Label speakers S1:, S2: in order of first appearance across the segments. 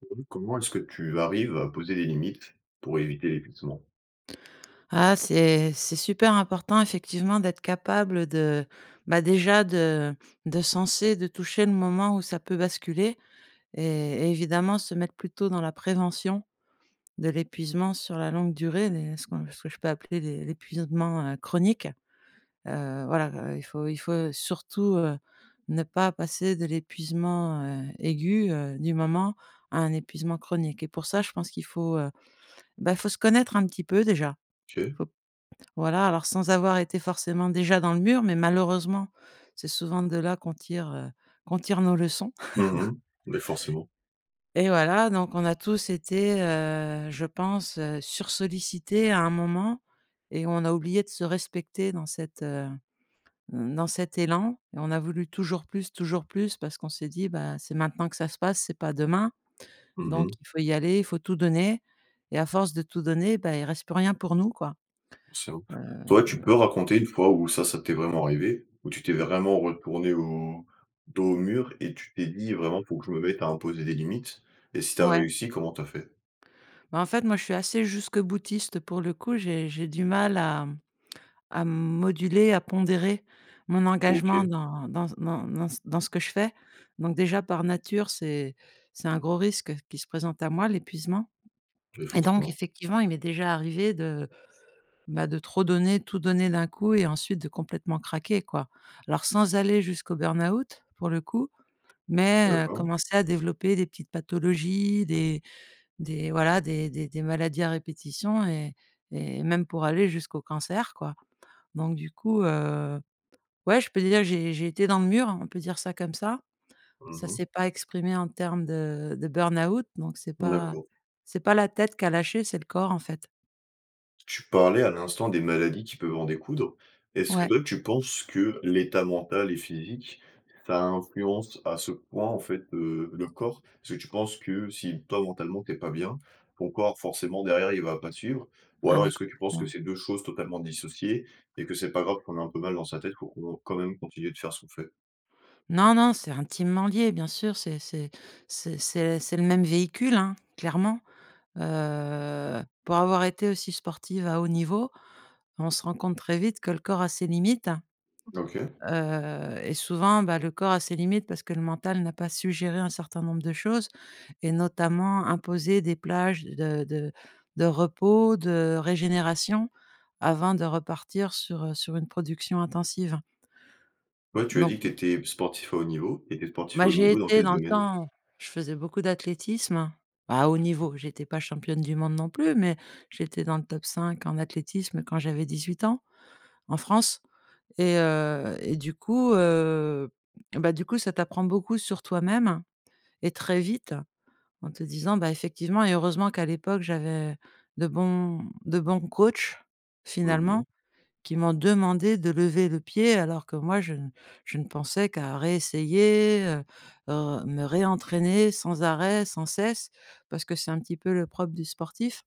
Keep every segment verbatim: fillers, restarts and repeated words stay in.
S1: [unintelligible] Comment est-ce que tu arrives à poser des limites, pour éviter l'épuisement?
S2: Ah, c'est c'est super important effectivement d'être capable de, bah, déjà, de de senser, de toucher le moment où ça peut basculer et et évidemment se mettre plutôt dans la prévention de l'épuisement sur la longue durée, les ce qu'on ce que je peux appeler l'é l'épuisodement heu, chronique, heu, voilà, heu, il faut il faut surtout, heu, ne pas passer de l'épuisement, heu, aigu, heu, du moment à un épuisement chronique et pour ça, je pense qu'il faut, heu, bah, faut se connaître un petit peu déjà.
S1: [unintelligible]
S2: Faut p voilà, alors sans avoir été forcément déjà dans le mur, mais malheureusement, c'est souvent de là qu'on tire, heu, qu'on tire nos leçons.
S1: Mmh mh, mais forcément.
S2: Et voilà, donc on a tous été, heu, je pense, heu, sursollicités à un moment et on a oublié de se respecter dans cette, heu, mmh, dans cet élan et on a voulu toujours plus, toujours plus parce qu'on s'est dit: «Bah, c'est maintenant que ça se passe c'est pas demain.
S1: Mmh
S2: Donc
S1: mh.
S2: il faut y aller, il faut tout donner» et à force de tout donner, bah, il reste plus rien pour nous, quoi,
S1: Simple.
S2: heu
S1: Toi, tu peux raconter une fois où ça ça t'est vraiment arrivé? Où tu t'es vraiment retournée au dos au mur, et tu t'es dit: «Vraiment, faut que je me mette à imposer des limites», et si tu as
S2: Ouais.
S1: réussi, comment tu as fait?
S2: Bah, en fait, moi, je suis assez jusque-boutiste pour le coup, j'ai j'ai du mal à à moduler, à pondérer mon engagement
S1: OK.
S2: dans dans s dans dans ce dans ce que je fais, donc déjà, par nature, c'est c'est un gros risque qui se présente à moi l'épuisement
S1: Oui,
S2: et donc
S1: forcément.
S2: effectivement, il m'est déjà arrivé de, bah, de trop donner, tout donner d'un coup et ensuite de complètement craquer, quoi. Alors sans aller jusqu'au burn-out, pour le coup, mais heu,
S1: D'accord.
S2: commencer à développer des petites pathologies, des des, voilà, des des des maladies à répétition et et même pour aller jusqu'au cancer, quoi. Donc, du coup, heu, ouais, je peux dire, j'ai j'ai été dans le mur. On peut dire ça comme ça.
S1: Mmh
S2: Ça
S1: mh.
S2: s'est pas exprimé en terme de de burn-out donc c'est pas
S1: D'accord.
S2: c'est pas la tête qui a lâché, c'est le corps, en fait.
S1: Tu parlais à l'instant des maladies qui peuvent en découdre. Est-ce
S2: Ouais.
S1: que tu penses que l'état mental et physique, ça influence à ce point, en fait, heu, le corps? Est-ce que tu penses que si toi, mentalement, tu es pas bien, ton corps forcément derrière, il va pas suivre? Ou
S2: Ah
S1: alors,
S2: mais
S1: est-ce que tu penses que
S2: complètement.
S1: c'est deux choses totalement dissociées et que c'est pas grave qu'on ait un peu mal dans sa tête pour qu'on quand même, continuer de faire ce qu'on fait?
S2: Non, non, c'est intimement lié, bien sûr, c'est c'est c'est c'est c'est le même véhicule, hein, clairement, heu, pour avoir été aussi sportive à haut niveau, on se rend compte très vite que le corps a ses limites, hein,
S1: OK.
S2: heu et souvent, bah, le corps a ses limites parce que le mental n'a pas su géré un certain nombre de choses et notamment, imposer des plages de de de repos, de régénération avant de repartir sur, heu, sur une production intensive, hein.
S1: Ouais, tu as
S2: Donc
S1: dit que
S2: ne.
S1: tu étais sportif à haut niveau et tu es sportif à
S2: Bah,
S1: haut
S2: j'ai
S1: niveau dans
S2: été
S1: quel
S2: dans le
S1: domaine?
S2: temps, je faisais beaucoup d'athlétisme à haut niveau, j'étais pas championne du monde non plus, mais j'étais dans le top cinq en athlétisme, quand j'avais dix-huit ans, en France et heu et du coup, heu, et bah, du coup, ça t'apprend beaucoup sur toi-même et très vite en te disant, bah, effectivement et heureusement qu'à l'époque, j'avais de bons de bons coachs.
S1: Mmh mh.
S2: Finalement qui m'ont demandé de lever le pied alors que moi, je ne je ne pensais qu'à réessayer, heu heu, me réentraîner sans arrêt, sans cesse. Parce que c'est un petit peu le propre du sportif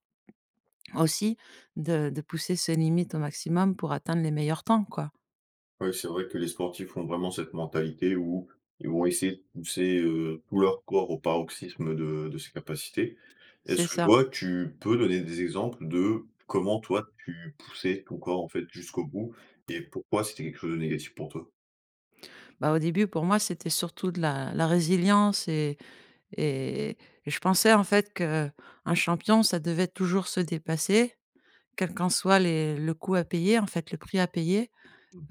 S2: aussi de de pousser ses limites au maximum pour atteindre les meilleurs temps, quoi.
S1: Ouais, c'est vrai que les sportifs ont vraiment cette mentalité où ils vont essayer de pousser, heu, tout leur corps au paroxysme de de ses capacités.
S2: C'est
S1: Est-ce que
S2: ça.
S1: toi, tu peux donner des exemples de comment toi, tu poussais ton corps, en fait, jusqu'au bout et pourquoi c'était quelque chose de négatif pour toi?
S2: Bah, au début, pour moi, c'était surtout de la la résilience et et et je pensais, en fait, qu'un champion, ça devait toujours se dépasser quel qu'en soit les le coût à payer, en fait, le prix à payer,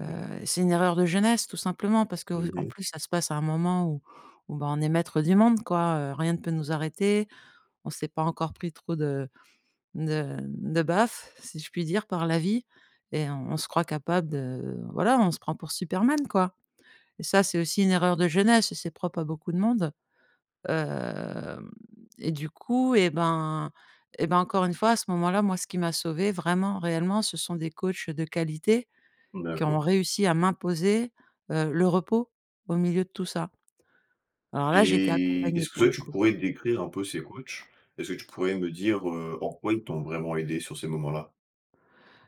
S2: heu, c'est une erreur de jeunesse, tout simplement. Parce
S1: Mmh
S2: qu'en
S1: mh.
S2: plus, ça se passe à un moment où où ben, on est maître du monde, quoi, heu, rien ne peut nous arrêter, on sait pas encore pris trop de de de baffes, si je puis dire, par la vie et on on se croit capable de, voilà, on se prend pour Superman, quoi et ça, c'est aussi une erreur de jeunesse, et c'est propre à beaucoup de monde, hem et du coup, et ben et ben, encore une fois, à ce moment-là, moi ce qui m'a sauvé vraiment, réellement, ce sont des coachs de qualité qui ont
S1: D'accord.
S2: réussi à m'imposer, heu, le repos au milieu de tout ça. Alors là, j'étais
S1: Et
S2: accompagnée,
S1: est-ce
S2: pour
S1: que
S2: le
S1: tu
S2: coup.
S1: pourrais décrire un peu ces coachs? Est-ce que tu pourrais me dire, heu, en quoi ils t'ont vraiment aidé sur ces moments-là?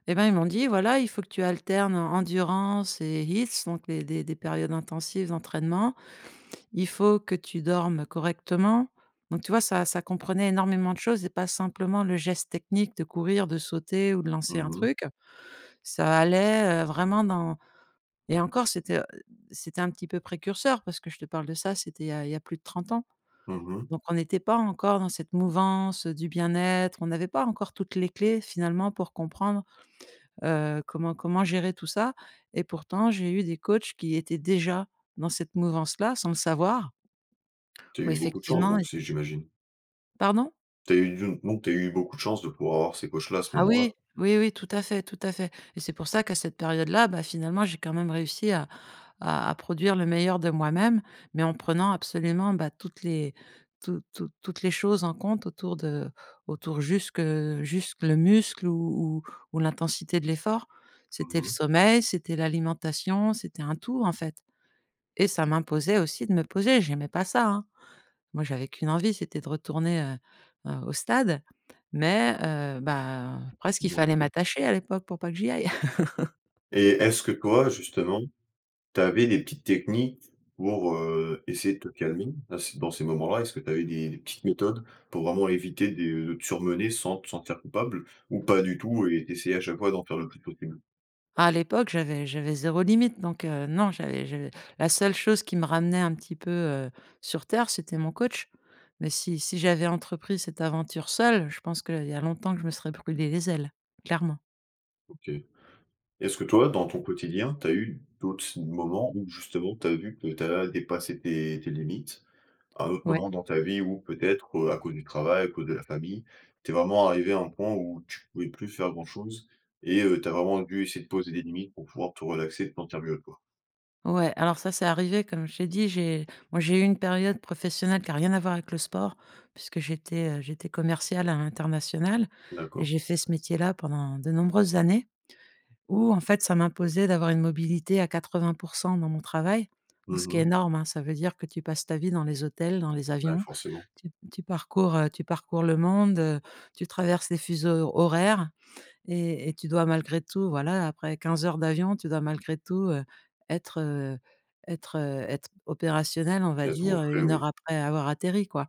S2: Et ben, ils m'ont dit: «Voilà, il faut que tu alternes endurance et health donc des des des périodes intensives d'entraînement. Il faut que tu dormes correctement» donc tu vois? Ça ça comprenait énormément de choses et pas simplement le geste technique de courir, de sauter ou de lancer un
S1: Mmh mh.
S2: truc. Ça allait, heu, vraiment dans et encore c'était, heu, c'était un petit peu précurseur parce que je te parle de ça, c'était il y a il y a plus de trente ans.
S1: Mmh mh.
S2: Donc on était pas encore dans cette mouvance du bien-être, on avait pas encore toutes les clés finalement, pour comprendre, heu, comment comment gérer tout ça et pourtant, j'ai eu des coachs qui étaient déjà dans cette mouvance-là sans le savoir.
S1: Tu as
S2: Où
S1: eu beaucoup chance
S2: effectivement ils
S1: donc
S2: a
S1: si j'imagine?
S2: pardon?
S1: Tu as eu d'une donc tu as eu beaucoup de chance de pouvoir avoir ces coachs-là à ce
S2: Ah
S1: moment-là?
S2: oui, oui, oui, tout à fait, tout à fait et c'est pour ça qu'à cette période-là, bah, finalement, j'ai quand même réussi à à produire le meilleur de moi-même. Mais en prenant absolument, bah, toutes les tout toutes toutes les choses en compte autour de autour jusque jusque le muscle ou ou ou l'intensité de l'effort. C'était
S1: Mmh
S2: le
S1: mh.
S2: sommeil, c'était l'alimentation, c'était un tout, en fait et ça m'imposait aussi de me poser, j'aimais pas ça, hein, moi, j'avais qu'une envie, c'était de retourner, heu heu, au stade. Mais heu, bah, presque, il fallait
S1: [unintelligible]
S2: m'attacher à l'époque pour pas que j'y aille.
S1: Et est-ce que toi, justement, tu avais les petites techniques pour, heu, essayer de te calmer, à ces dans ces moments-là, est-ce que tu avais des des petites méthodes pour vraiment éviter de de te surmener sans te sentir coupable? Ou pas du tout et tu essayais à chaque fois d'en faire le plus possible?
S2: À l'époque, j'avais j'avais zéro limite. Donc heu, non, j'avais j'avais la seule chose qui me ramenait un petit peu, heu, sur terre, c'était mon coach. Mais si si j'avais entrepris cette aventure seule, je pense qu'il y a longtemps que je me serais brûlé les ailes, clairement.
S1: OK. Est-ce que toi, dans ton quotidien, tu as eu d'autres ts moments où justement, tu as vu que tu as dépassé tes tes limites, à un autre
S2: Ouais.
S1: moment dans ta vie ou peut-être, heu, à cause du travail, à cause de la famille, tu es vraiment arrivé à un point où tu pouvais plus faire grand chose et heu, tu as vraiment dû essayer de poser des limites pour pouvoir te relaxer dans ta bulle à toi?
S2: Ouais, alors ça, c'est arrivé comme je t'ai dit, j'ai moi, j'ai eu une période professionnelle qui a rien à voir avec le sport. Puisque j'étais, heu, j'étais commerciale à l'international et
S1: D'accord.
S2: j'ai fait ce métier-là pendant de nombreuses années où, en fait, ça m'imposait d'avoir une mobilité à quatre-vingt pour cent dans mon travail,
S1: Mmh
S2: donc ce qui est
S1: mh.
S2: énorme, hein. Ça veut dire que tu passes ta vie dans les hôtels, dans les
S1: Bah,
S2: avions.
S1: forcément.
S2: Tu tu parcours, heu tu parcours le monde, tu traverses les fuseaux horaires et et tu dois malgré tout, voilà, après quinze heures d'avion, tu dois malgré tout, heu, être, heu être, heu, être opérationnel, on va
S1: Elles sont au
S2: dire
S1: frais,
S2: une heure
S1: oui.
S2: après avoir atterri, quoi.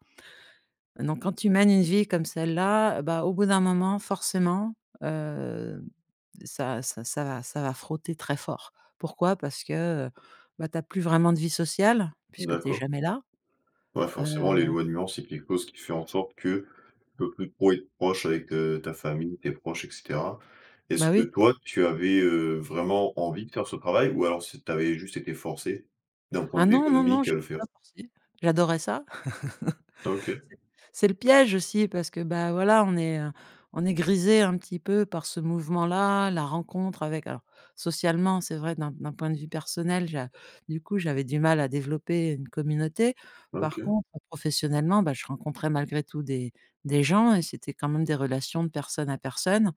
S2: Donc quand tu mènes une vie comme celle-là, bah, au bout d'un moment, forcément, hem, ça ça ça va ça va frotter très fort. Pourquoi? Parce que, bah, tu as plus vraiment de vie sociale puisque tu es
S1: D'accord.
S2: jamais là,
S1: Ouais, forcément,
S2: heu.
S1: l'éloignement, c'est quelque chose qui fait en sorte que tu peux plus trop être proche avec heu, ta famille, tes proches, et cetera. Est-ce
S2: Bah
S1: que
S2: oui.
S1: toi, tu avais, heu, vraiment envie de faire ce travail? Ou alors c'est tu avais juste été forcé d'un point
S2: Ah
S1: de vue
S2: non, non, non,
S1: économique à le
S2: j'étais pas
S1: faire?
S2: forcé, j'adorais ça.
S1: OK.
S2: C'est c'est le piège aussi parce que, bah, voilà, on est, heu, on est grisé un petit peu par ce mouvement-là, la rencontre avec, alors, socialement, c'est vrai d'un d'un point de vue personnel, j'a du coup, j'avais du mal à développer une communauté. Par
S1: OK.
S2: contre, professionnellement, bah, je rencontrais malgré tout des des gens et c'était quand même des relations de personne à personne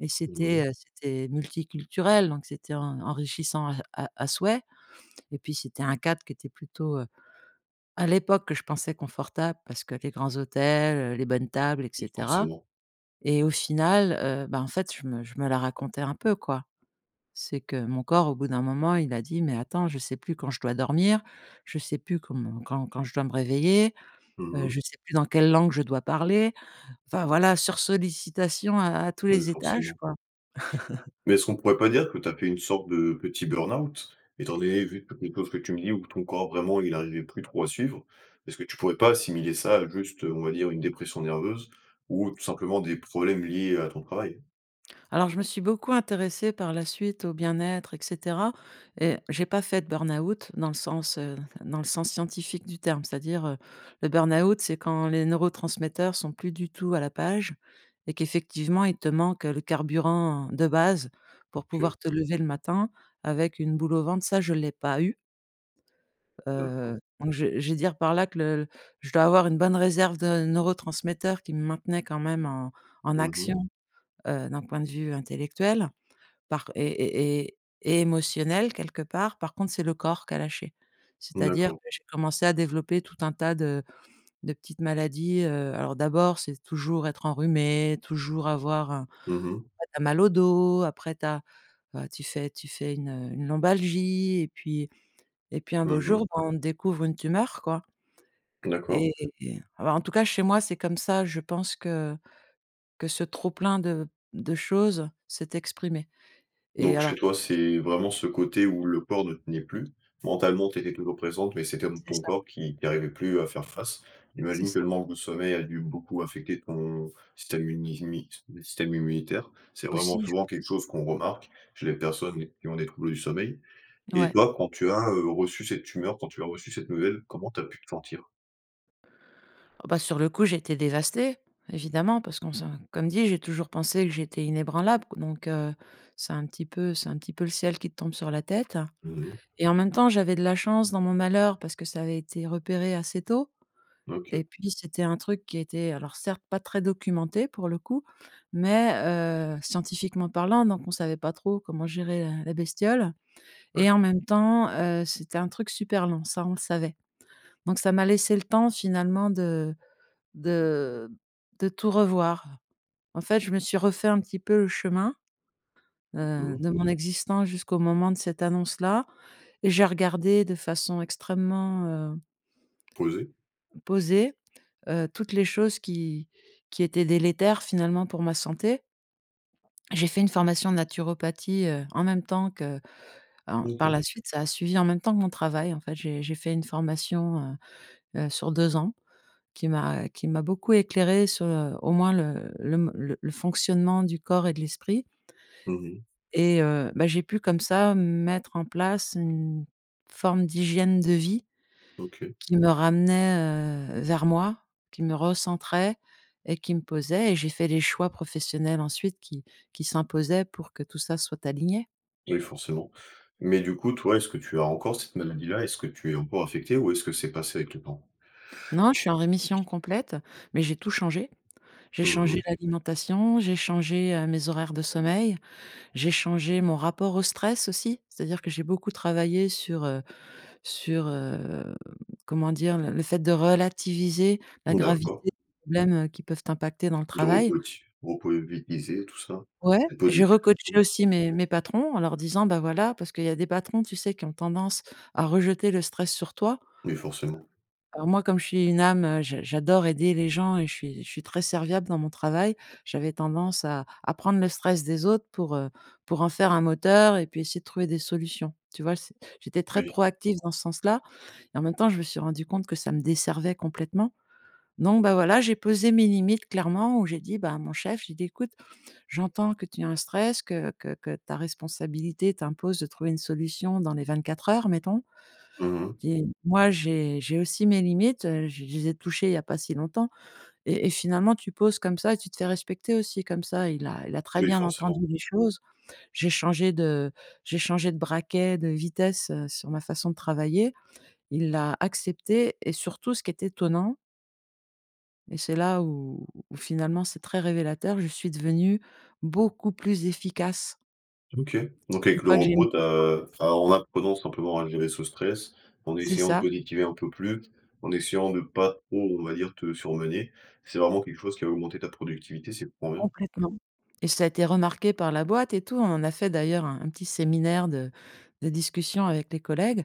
S2: et
S1: Mmh mh.
S2: c'était, heu, c'était multiculturel donc c'était en enrichissant à à à souhait et puis, c'était un cadre qui était plutôt, heu, à l'époque, je pensais confortable. Parce que les grands hôtels, les bonnes tables et
S1: [unintelligible]
S2: cetera
S1: forcément.
S2: et au final, heu, bah, en fait, je me je me la racontais un peu, quoi. C'est que mon corps, au bout d'un moment, il a dit: «Mais attends, je sais plus quand je dois dormir, je sais plus comment quand quand je dois me réveiller,
S1: Mmh
S2: heu,
S1: mh.
S2: je sais plus dans quelle langue je dois parler» enfin voilà, sursollicitassion à à tous
S1: Oui,
S2: les étages,
S1: forcément.
S2: quoi.
S1: Mais est-ce qu'on pourrait pas dire que tu as fait une sorte de petit burn-out étant donné vu toutes les choses que tu me dis ou que ton corps vraiment il arrivait plus trop à suivre? Est-ce que tu pourrais pas assimiler ça, heu, juste, on va dire, une dépression nerveuse ou tout simplement des problèmes liés à ton travail?
S2: Alors, je me suis beaucoup intéressée par la suite au bien-être et cetera et j'ai pas fait de burn-out dans le sens, heu, dans le sens scientifique du terme. C'est-à-dire, heu, le burn-out, c'est quand les neurotransmetteurs sont plus du tout à la page et qu'effectivement, il te manque le carburant de base pour
S1: OK.
S2: pouvoir te lever le matin avec une boule au ventre, ça, je l'ai pas eu.
S1: D'accord.
S2: Heu, donc je je vais dire par là que le je dois avoir une bonne réserve de neurotransmetteurs qui me maintenait quand même en en
S1: Mmh
S2: action,
S1: mh.
S2: heu, d'un point de vue intellectuel parc et et et émotionnel quelque part. Par contre, c'est le corps qui a lâché. C'est-à-dire
S1: D'accord.
S2: que j'ai commencé à développer tout un tas de de petites maladies, heu, alors d'abord, c'est toujours être enrhumé, toujours avoir un
S1: Mmh mh.
S2: tu as mal au dos, après, tu as, bah, tu fais tu fais une, heu, une lombalgie et puis et puis un beau
S1: Mmh mh.
S2: jour, bah, on te découvre une tumeur, quoi.
S1: D'accord.
S2: Et et et alors en tout cas, chez moi, c'est comme ça, je pense, que que ce trop plein de de choses s'est exprimé et
S1: Donc chez
S2: alors.
S1: toi, c'est vraiment ce côté où le corps ne tenait plus. Mentalement, tu étais trop présente, mais c'est quand même
S2: C'est
S1: ton
S2: ça.
S1: corps qui qui arrivait plus à faire face.
S2: C'est
S1: J'imagine que
S2: ça.
S1: le manque de sommeil a dû beaucoup affecter ton système imimi ton système immunitaire. C'est vraiment
S2: Aussi, je
S1: souvent quelque
S2: pense.
S1: chose qu'on remarque chez les personnes qui ont des troubles du sommeil et
S2: Ouais.
S1: toi, quand tu as, heu, reçu cette tumeur, quand tu as reçu cette nouvelle, comment tu as pu te sentir?
S2: Ah, bah, sur le coup, j'étais dévastée, évidemment, parce qu'on se comme dit, j'ai toujours pensé que j'étais inébranlable donc, heu, c'est un petit peu c'est un petit peu le ciel qui te tombe sur la tête
S1: Non, non.
S2: et en même temps, j'avais de la chance dans mon malheur. Parce que ça avait été repéré assez tôt
S1: OK.
S2: et puis, c'était un truc qui était alors certes, pas très documenté, pour le coup, mais heu, scientifiquement parlant donc on savait pas trop comment gérer la la bestiole
S1: Ouais.
S2: et en même temps, heu, c'était un truc super long, ça, on le savait. Donc, ça m'a laissé le temps finalement de de de tout revoir. En fait, je me suis refait un petit peu le chemin,
S1: Mmh
S2: heu,
S1: mh.
S2: de mon existence jusqu'au moment de cette annonce-là et j'ai regardé de façon extrêmement, heu
S1: Posé?
S2: posé, heu, toutes les choses qui qui étaient délétères, finalement, pour ma santé. J'ai fait une formation naturopathie, heu, en même temps qu'en par
S1: OK.
S2: la suite, ça a suivi en même temps que mon travail. En fait, j'ai j'ai fait une formation, heu heu, sur deux ans qui m'a qui m'a beaucoup éclairée sur, heu, au moins, le le m le fonctionnement du corps et de l'esprit.
S1: Mmh mh.
S2: Et heu, bah, j'ai pu comme ça, mettre en place une forme d'hygiène de vie
S1: OK.
S2: qui me ramenait, heu, vers moi, qui me recentrait et qui me posait et j'ai fait les choix professionnels ensuite qui qui s'imposaient pour que tout ça soit aligné.
S1: Et oui forcément. Mais du coup, toi, est-ce que tu as encore cette maladie-là? Est-ce que tu es encore affecté? Ou est-ce que c'est passé avec le temps?
S2: Non, je suis en rémission
S1: [unintelligible]
S2: complète, mais j'ai tout changé. J'ai
S1: Mmh
S2: changé
S1: mh.
S2: l'alimentation, j'ai changé, heu, mes horaires de sommeil, j'ai changé mon rapport au stress aussi. C'est-à-dire que j'ai beaucoup travaillé sur heu sur heu, mmh, comment dire? Le le fait de relativiser la gravité
S1: D'accord.
S2: des problèmes, heu, qui peuvent t'impacter dans le
S1: De
S2: travail.
S1: recoach, Vous pouvez vite [unintelligible] et tout ça
S2: Ouais, j'ai recoaché
S1: [unintelligible]
S2: aussi mes mes patrons en leur disant: «bah, voilà» parce qu'il y a des patrons, tu sais? Qui ont tendance à rejeter le stress sur toi.
S1: Oui, forcément.
S2: Alors moi, comme je suis une âme, je j'adore aider les gens et je suis je suis très serviable dans mon travail, j'avais tendance à à prendre le stress des autres pour heu, pour en faire un moteur et puis essayer de trouver des solutions. Tu vois? C'est j'étais très
S1: Oui.
S2: proactive dans ce sens-là et en même temps, je me suis rendu compte que ça me desservait complètement. Donc bah, voilà, j'ai posé mes limites clairement où j'ai dit bah, à mon chef, j'ai dit: «Écoute, j'entends que tu as un stress que que que ta responsabilité t'impose de trouver une solution dans les vingt-quatre heures mettons
S1: Mmh mh.
S2: et moi, j'ai j'ai aussi mes limites, heu, je les ai touchées il y a pas si longtemps» et et finalement tu poses comme ça et tu te fais respecter aussi comme ça, il a il a très
S1: Oui,
S2: bien entendu
S1: forcément.
S2: les choses. J'ai changé de j'ai changé de braquet, de vitesse sur ma façon de travailler, il l'a accepté et surtout ce qui est étonnant et c'est là où où finalement c'est très révélateur, je suis devenu beaucoup plus efficace
S1: OK, donc
S2: une
S1: avec le
S2: fois que j'ai mis
S1: repos tu
S2: tout ça en
S1: as
S2: place.
S1: enfin, en apprenant simplement à gérer ce stress en
S2: C'est
S1: essayant de
S2: ça.
S1: positiver un peu plus, en essayant de pas trop, on va dire, te surmener. C'est vraiment quelque chose qui a augmenter ta productivité, c'est trop bien.
S2: Complètement et ça a été remarqué par la boîte et tout, on a fait, d'ailleurs un un petit séminaire de de discussion avec les collègues.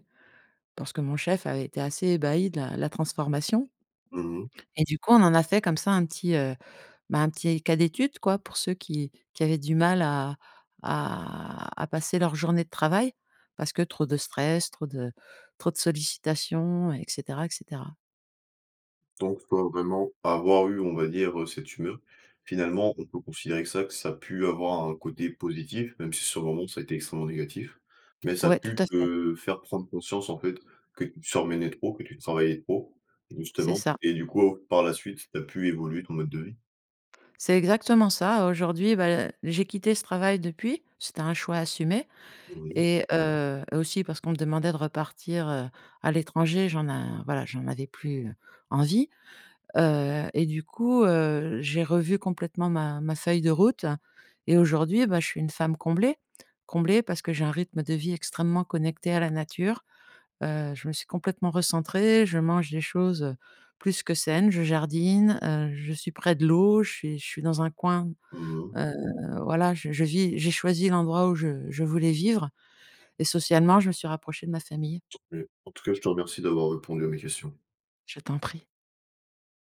S2: Parce que mon chef avait été assez ébahi de la de la transformation
S1: Mmh mh.
S2: et du coup, on en a fait comme ça un petit, heu, bah, un petit cas d'étude, quoi, pour ceux qui qui avaient du mal à à à passer leur journée de travail. Parce que trop de stress, trop de trop de sollicitations et cetera et cetera.
S1: Donc toi, vraiment, avoir eu, on va dire, heu, cette tumeur, finalement, on peut considérer que ça que ça a pu avoir un côté positif, même si, sur le moment, ça a été extrêmement négatif. Mais ça a
S2: Ouais, tout à
S1: pu
S2: fait.
S1: te faire prendre conscience, en fait, que tu te surmenais trop, que tu travaillais trop,
S2: C'est
S1: justement.
S2: ça.
S1: Et du coup, par la suite, tu as pu évoluer ton mode de vie?
S2: C'est exactement ça. Aujourd'hui, bah, j'ai quitté ce travail depuis. C'était un choix assumé
S1: Oui.
S2: et heu, et aussi parce qu'on me demandait de repartir, heu, à l'étranger. J'en a voilà, j'en avais plus, heu, envie, heu, et du coup, heu, j'ai revu complètement ma ma feuille de route. Et aujourd'hui, bah, je suis une femme comblée. Comblée parce que j'ai un rythme de vie extrêmement connecté à la nature. Heu, je me suis complètement recentrée, je mange des choses plus que saines, je jardine, heu, je suis près de l'eau, je suis je suis dans un coin.
S1: Mmh mh.
S2: Heu, voilà, je je vis j'ai choisi l'endroit où je je voulais vivre et socialement, je me suis rapprochée de ma famille.
S1: En tout cas, je te remercie d'avoir répondu à mes questions.
S2: Je t'en prie.